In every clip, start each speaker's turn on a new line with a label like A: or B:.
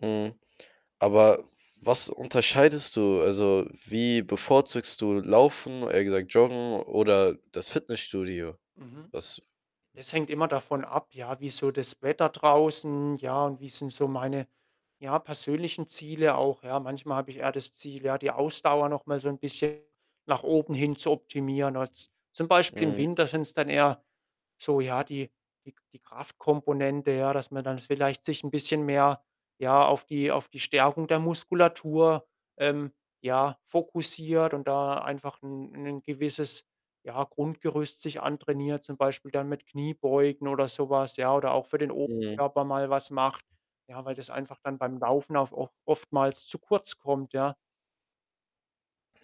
A: Mhm. Aber was unterscheidest du? Also, äh, wie bevorzugst du Laufen, eher gesagt Joggen, oder das Fitnessstudio?
B: Mhm.
A: Was
B: Das hängt immer davon ab, ja? Wie ist so das Wetter draußen, ja, und wie sind so meine, ja, persönlichen Ziele auch, ja? Manchmal habe ich eher das Ziel, ja, die Ausdauer noch mal so 'n bisschen nach oben hin zu optimieren, also zum Beispiel im
A: Mhm.
B: Winter sind's dann eher so, ja, die die die Kraftkomponente, ja, dass man dann vielleicht sich 'n bisschen mehr, ja, auf die auf die Stärkung der Muskulatur, ähm, ja, fokussiert und da einfach 'n 'nen gewisses, ja, Grundgerüst sich antrainiert, zum Beispiel dann mit Kniebeugen oder so was, ja. Oder auch für den
A: Mhm.
B: Oberkörper mal was macht, ja, weil das einfach dann beim Laufen auf oftmals zu kurz kommt, ja.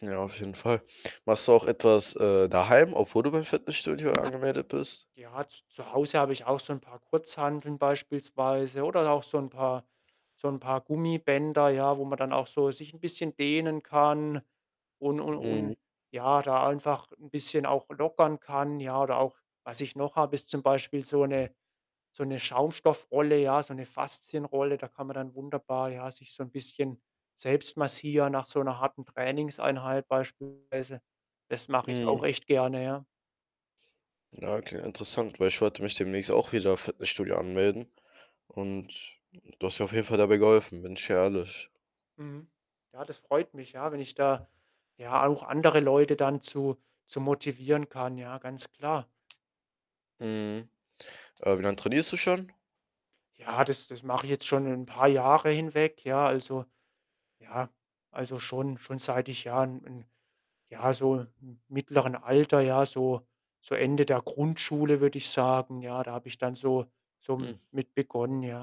A: Ja, auf jeden Fall. Machst du auch etwas, äh, daheim, obwohl du beim Fitnessstudio angemeldet bist?
B: Ja, z zu Hause habe ich auch so 'n paar Kurzhanteln beispielsweise oder auch so 'n paar so 'n paar Gummibänder, ja, wo man dann auch so sich 'n bisschen dehnen kann und und
A: Mhm.
B: und, ja, da einfach 'n bisschen auch lockern kann, ja? Oder auch was ich noch habe, ist zum Beispiel so 'ne so 'ne Schaumstoff-Rolle, ja, so 'ne Faszien-Rolle. Da kann man dann wunderbar, ja, sich so 'n bisschen selbst massieren nach so 'ner harten Trainingseinheit beispielsweise. Das mache ich auch
A: Mhm.
B: echt gerne, ja.
A: Ah, okay, interessant, weil ich wollte mich demnächst auch wieder Fitnessstudio anmelden und du hast mir auf jeden Fall dabei geholfen, bin ich ehrlich.
B: Mhm. Ja, das freut mich, ja, wenn ich da ja auch andere Leute dann zu zu motivieren kann, ja, ganz klar.
A: Mhm. Äh, wie lang trainierst du schon?
B: Ja, das das mache ich jetzt schon 'n paar Jahre hinweg, ja, also ja, also, schon schon seit ich ja, 'n 'n ja, so m mittleren Alter, ja, so, so Ende der Grundschule, würde ich sagen, ja. Da habe ich dann so so
A: Mhm.
B: m mit begonnen, ja.